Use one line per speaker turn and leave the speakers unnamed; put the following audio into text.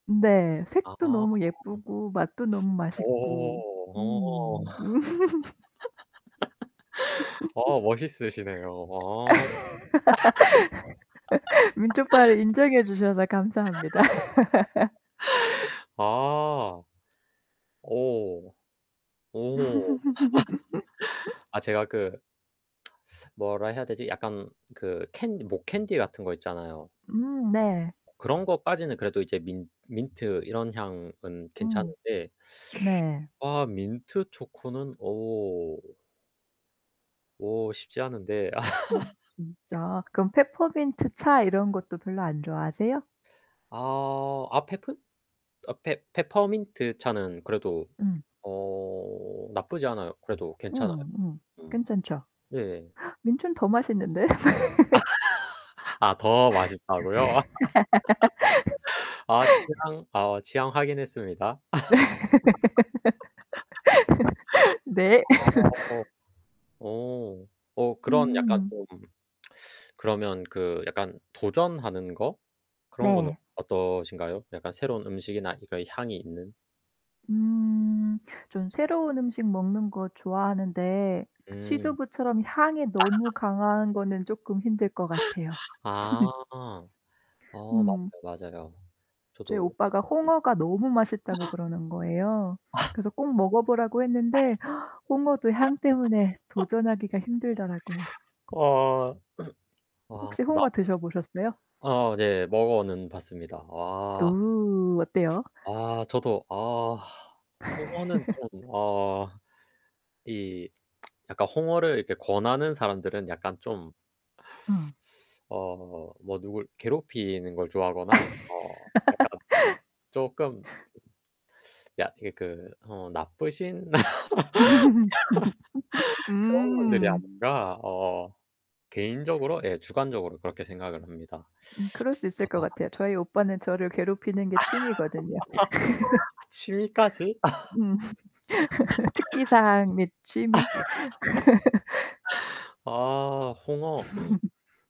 네,
아
색도 너무 예쁘고 맛도 너무 맛있고.
오. 오.
음.
어 멋있으시네요. 어.
민초파를 인정해 주셔서 감사합니다.
아. 오 오. 아, 제가 그 뭐라 해야 되지? 약간 그 캔 목캔디 같은 거 있잖아요.
음 네.
그런 것까지는 그래도 이제 민 민트 이런 향은
음
괜찮은데.
네.
아 민트초코는 어 오 쉽지 않은데 아.
아 진짜? 그럼 페퍼민트 차 이런 것도 별로 안 좋아하세요?
아, 아 페프 아 페 페퍼민트 차는 그래도
음.
어. 나쁘지 않아요. 그래도 괜찮아요.
음 음.
음.
괜찮죠?
예예.
민초는 더 맛있는데?
아, 더 맛있다고요? 아, 취향, 어 취향 확인했습니다. 아.
네. 네.
어. 어 그런 약간
음.
좀 그러면 그 약간 도전하는 거? 그런 거는
네.
어떠신가요? 약간 새로운 음식이나 그니까 향이 있는.
음. 좀 새로운 음식 먹는 거 좋아하는데
음.
취두부처럼 향이 너무
아.
강한 거는 조금 힘들 것 같아요.
아. 어 맞아요,
음.
맞아요.
저희
저도 음.
오빠가 홍어가 너무 맛있다고 그러는 거예요.
아.
그래서 꼭 먹어 보라고 했는데 홍어도 향 때문에 도전하기가 힘들더라고요.
와. 와.
혹시
나
홍어 드셔보셨어요?
아, 네. 먹어는 봤습니다. 아.
우 어때요?
아, 저도. 아, 홍어는 좀, 어. 이 약간 홍어를 이렇게 권하는 사람들은 약간 좀
어.
어 뭐 누굴 괴롭히는 걸 좋아하거나, 어 약간 조금 약 이 그 어 나쁘신. 그런 분들이
음.
아닌가 어 개인적으로 예. 주관적으로 그렇게 생각을 합니다.
음 그럴 수 있을 것
아.
같아요. 저희 오빠는 저를 괴롭히는 게 취미거든요.
취미까지?
음. 특기사항 및 취미.
아 홍어.